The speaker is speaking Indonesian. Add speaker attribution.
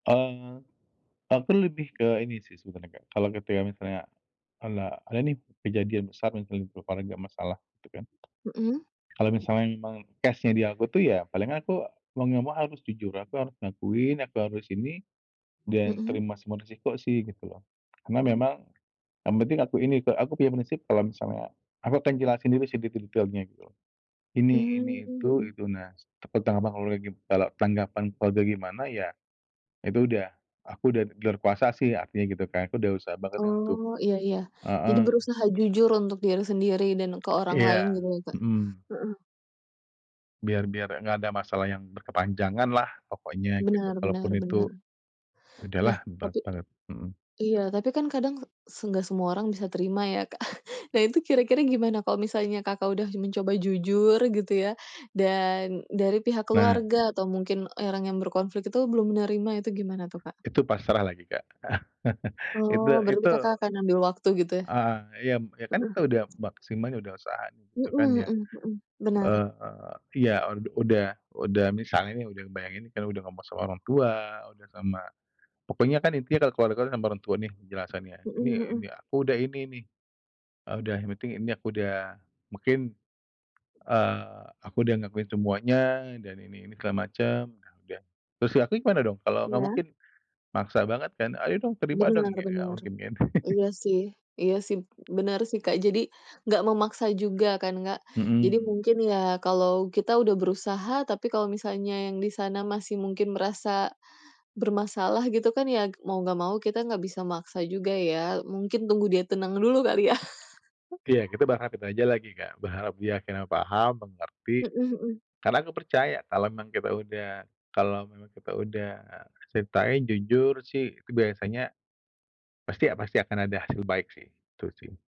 Speaker 1: Eee, aku lebih ke ini sih sebenarnya, Kak, kalau ketika misalnya ala ada nih kejadian besar misalnya di keluarga masalah gitu kan.
Speaker 2: Mhm.
Speaker 1: Kalau misalnya memang case-nya di aku tuh ya paling aku mau nggak mau harus jujur. Aku harus ngakuin, aku harus ini, dan
Speaker 2: Mmm.
Speaker 1: terima semua resiko sih gitu loh. Karena memang yang penting aku ini, Kak, aku punya prinsip kalau misalnya aku akan jelasin dulu sih detil-detilnya gitu loh. Ini,
Speaker 2: Mmm,
Speaker 1: ini, itu,
Speaker 2: mhm.
Speaker 1: itu, nah s tentang apa kalau lagi kalau tanggapan keluarga gimana, ya itu udah aku udah di luar kuasa sih artinya gitu kan. Aku udah usaha banget nih untuk
Speaker 2: Oh, iya iya. Jadi
Speaker 1: heeh.
Speaker 2: berusaha jujur untuk diri sendiri dan ke orang lain
Speaker 1: Iya.
Speaker 2: gitu ya, Kak?
Speaker 1: Hmm.
Speaker 2: Mhm.
Speaker 1: Biar biar nggak ada masalah yang berkepanjanganlah pokoknya gitu.
Speaker 2: Benar
Speaker 1: Kalaupun
Speaker 2: benar
Speaker 1: itu
Speaker 2: benar.
Speaker 1: ya udahlah
Speaker 2: Nah, tapi
Speaker 1: [unintelligible] Mhm.
Speaker 2: iya, tapi kan kadang se senggak semua orang bisa terima ya, Kak. Nah, itu kira-kira gimana kalau misalnya Kakak udah mencoba jujur gitu ya dan dari pihak
Speaker 1: Nah.
Speaker 2: keluarga atau mungkin orang yang berkonflik itu belum menerima itu gimana tuh, Kak?
Speaker 1: Itu pasrah lagi, Kak. Itu
Speaker 2: Oh, berarti
Speaker 1: itu,
Speaker 2: Kakak akan ambil waktu gitu?
Speaker 1: eee, yam ya kan
Speaker 2: Heeh.
Speaker 1: kita udah maksimal ya udah usaha gitu kan
Speaker 2: Mhm
Speaker 1: yang,
Speaker 2: mhm mhm. Benar.
Speaker 1: eee, iya ud udah udah misalnya nih udah ngebayangin udah ngomong sama orang tua, udah sama pokoknya kan intinya kalau keluarga sama orang tua nih penjelasannya, "Ini
Speaker 2: Mhm
Speaker 1: ini
Speaker 2: mhm.
Speaker 1: aku udah ini nih." Eee, udah yang penting ini aku udah mungkin, eee, aku udah ngakuin semuanya dan ini ini segala macam udah udah. "Terus di akunya gimana dong?" Kalau nggak
Speaker 2: Iya.
Speaker 1: mungkin maksa banget kan? "Ayo dong, terima
Speaker 2: Bener
Speaker 1: dong," kayak nggak
Speaker 2: bener.
Speaker 1: mungkin kan.
Speaker 2: Iya sih iya sih, bener sih, Kak. Jadi nggak memaksa juga kan, Kak. Jadi
Speaker 1: Mmm.
Speaker 2: mungkin ya kalau kita udah berusaha tapi kalau misalnya yang di sana masih mungkin merasa bermasalah gitu kan ya, mau nggak mau kita nggak bisa maksa juga ya. Mungkin tunggu dia tenang dulu kali ya?
Speaker 1: Ya kita berharap itu aja lagi, Kak. Berharap dia akhirnya paham, mengerti.
Speaker 2: Mhm mhm.
Speaker 1: Karena aku percaya kalau memang kita udah kalau memang kita udah ceritain jujur sih, itu biasanya pasti pasti akan ada hasil baik sih, gitu sih.